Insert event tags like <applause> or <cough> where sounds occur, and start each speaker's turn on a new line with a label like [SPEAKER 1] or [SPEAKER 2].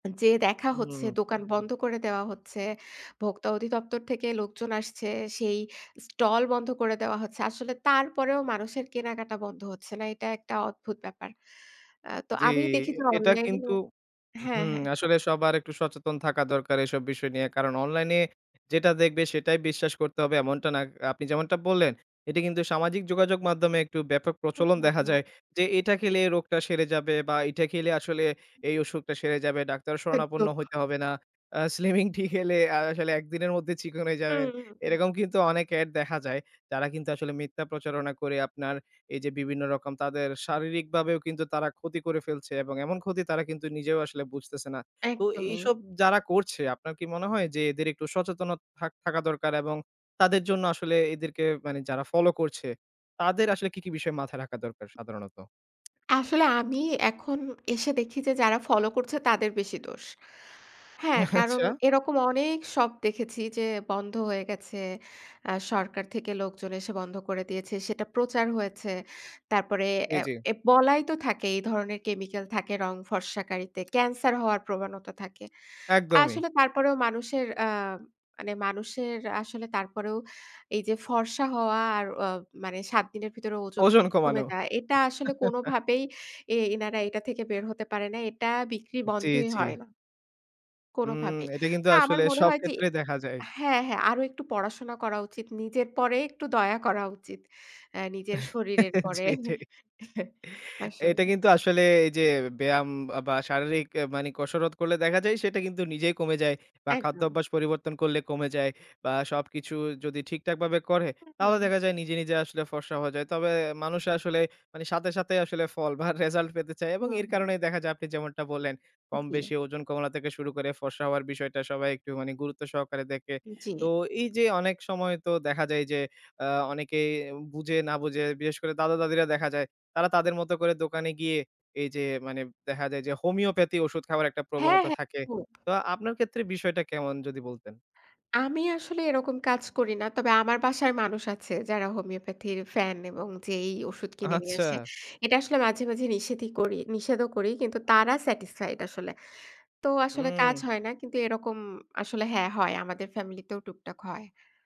[SPEAKER 1] যে দেখা হচ্ছে,
[SPEAKER 2] হুম।
[SPEAKER 1] দোকান বন্ধ করে দেওয়া হচ্ছে। ভোক্তা অধিদপ্তর থেকে লোকজন আসছে, সেই স্টল বন্ধ করে দেওয়া হচ্ছে। আসলে তারপরেও মানুষের কেনাকাটা বন্ধ হচ্ছে না। এটা একটা অদ্ভুত ব্যাপার। আ তো
[SPEAKER 2] জি,
[SPEAKER 1] আমি দেখি যে
[SPEAKER 2] এটা
[SPEAKER 1] অনলাইনে
[SPEAKER 2] কিন্তু
[SPEAKER 1] ও হ্যা,
[SPEAKER 2] হুম,
[SPEAKER 1] হ্যা।
[SPEAKER 2] আসলে সবার একটু সচেতন থাকা দরকার এসব বিষয় নিয়ে। কারণ অনলাইনে যেটা দেখবে, সেটাই বিশ্বাস করতে হবে এমনটা না। আপনি যেমনটা বললেন, এটা কিন্তু সামাজিক যোগাযোগ মাধ্যমে একটু ব্যাপক
[SPEAKER 1] হু,
[SPEAKER 2] প্রচলন
[SPEAKER 1] হু,
[SPEAKER 2] দেখা
[SPEAKER 1] হু।
[SPEAKER 2] যায় যে, "এটা খেলে এ রোগটা সেরে যাবে বা এটা খেলে আসলে এই অসুখটা সেরে যাবে। ডাক্তারের শরণাপন্ন
[SPEAKER 1] একদম।
[SPEAKER 2] হইতে হবে না। আ স্লিমিং টি খেলে, আ আসলে একদিনের মধ্যে চিকন
[SPEAKER 1] হু,
[SPEAKER 2] যাবেন।"
[SPEAKER 1] হু, হু।
[SPEAKER 2] এরকম কিন্তু অনেক অ্যাড দেখা যায়। যারা কিন্তু আসলে মিথ্যা প্রচারণা করে আপনার, এই যে বিভিন্ন রকম তাদের শারীরিকভাবেও কিন্তু তারা ক্ষতি করে ফেলছে। এবং এমন ক্ষতি তারা কিন্তু নিজেও আসলে বুঝতেছে না। তো
[SPEAKER 1] একদমই।
[SPEAKER 2] এইসব যারা করছে, আপনার কি মনে হয় যে এদের একটু সচেতনতা থাক থাকা দরকার এবং তাদের জন্য আসলে এদেরকে, মানে যারা ফলো করছে তাদের আসলে কি, কি বিষয় মাথায় রাখা দরকার সাধারণত?
[SPEAKER 1] আসলে আমি এখন এসে দেখি যে যারা ফলো করছে, তাদের বেশি দোষ। হ্যা, কারণ
[SPEAKER 2] আচ্ছা।
[SPEAKER 1] এরকম অনেক শপ দেখেছি যে বন্ধ হয়ে গেছে, আ সরকার থেকে লোকজন এসে বন্ধ করে দিয়েছে। সেটা প্রচার হয়েছে। তারপরে অ্যা
[SPEAKER 2] ইজি।
[SPEAKER 1] এ বলাই তো থাকে এই ধরনের কেমিক্যাল থাকে রং ফর্সাকারিতে, ক্যান্সার হওয়ার প্রবণতা থাকে।
[SPEAKER 2] একদমই।
[SPEAKER 1] আসলে তারপরেও মানুষের আ মানে, মানুষের আসলে তারপরেও এই যে ফর্সা হওয়া আর অ মানে, ৭ দিনের ভিতরে ওজন
[SPEAKER 2] ওজন কমানো।
[SPEAKER 1] কমে যায়। এটা আসলে
[SPEAKER 2] <chuckles>
[SPEAKER 1] কোনভাবেই, এই এনারা এটা থেকে বের হতে পারে না এটা বিক্রি
[SPEAKER 2] জি,
[SPEAKER 1] বন্ধই
[SPEAKER 2] জি।
[SPEAKER 1] হয় না
[SPEAKER 2] হুম,
[SPEAKER 1] কোনোভাবে।
[SPEAKER 2] এটা কিন্তু
[SPEAKER 1] না, আমার
[SPEAKER 2] আসলে
[SPEAKER 1] মনে
[SPEAKER 2] সব
[SPEAKER 1] হয় যে
[SPEAKER 2] ক্ষেত্রেই দেখা যায়।
[SPEAKER 1] হ্যা, হ্যা। আরো একটু পড়াশোনা করা উচিত, নিজের পরে একটু দয়া করা উচিত। অ্যা নিজের
[SPEAKER 2] <chuckles>
[SPEAKER 1] শরীরের উপরে
[SPEAKER 2] জি, এটাই।
[SPEAKER 1] <chuckles>
[SPEAKER 2] এটা
[SPEAKER 1] মাশাল্লাহ।
[SPEAKER 2] কিন্তু আসলে এই যে ব্যায়াম বা শারীরিক আ মানে কসরত করলে দেখা যায়, সেটা কিন্তু নিজেই কমে যায়। বা
[SPEAKER 1] একদম।
[SPEAKER 2] খাদ্যাভ্যাস পরিবর্তন করলে কমে যায়। বা সবকিছু যদি ঠিকঠাকভাবে করে,
[SPEAKER 1] হু, হু,
[SPEAKER 2] তাহলে
[SPEAKER 1] হু।
[SPEAKER 2] দেখা যায় নিজে, নিজে আসলে ফর্সা হয়ে যায়। তবে মানুষের আসলে, সাথে, সাথে আসলে ফল বা রেসাল্ট পেতে চায় এবং
[SPEAKER 1] হুম,
[SPEAKER 2] এর
[SPEAKER 1] হুম।
[SPEAKER 2] কারণেই দেখা যায় আপনি যেমনটা বললেন,
[SPEAKER 1] জি।
[SPEAKER 2] কম-বেশি ওজন কমানো থেকে শুরু করে, ফর্সা হওয়ার বিষয়টা সবাই একটু মানে গুরুত্ব সহকারে দেখে।
[SPEAKER 1] জি।
[SPEAKER 2] তো এই যে অনেক সময় তো দেখা যায় এই যে, আ অনেকেই বুঝে না বুঝে বিশেষ করে, দাদা-দাদিরা দেখা যায়, তারা তাদের মতো করে দোকানে গিয়ে এই যে মানে দেখা যায় যে, হোমিওপ্যাথি ওষুধ খাবার একটা
[SPEAKER 1] হ্যা,
[SPEAKER 2] প্রবণতা
[SPEAKER 1] হ্যা,
[SPEAKER 2] থাকে।
[SPEAKER 1] একদম।
[SPEAKER 2] তো আপনার ক্ষেত্রে বিষয়টা কেমন, যদি বলতেন?
[SPEAKER 1] আমি আসলে এরকম কাজ করি না। তবে আমার বাসায় মানুষ আছে, যারা হোমিওপ্যাথির ফ্যান এবং যেয়েই ঔষুধ কিনে নিয়ে আসে।
[SPEAKER 2] আচ্ছা।
[SPEAKER 1] এটা আসলে মাঝে, মাঝে নিষেধই করি, নিষেধও করি; কিন্তু তারা স্যাটিসফাইড আসলে। তো আসলে কাজ
[SPEAKER 2] হু।
[SPEAKER 1] হয় না, কিন্তু এরকম আসলে হ্যা হয়, আমাদের ফ্যামিলি তেও টুকটাক হয়।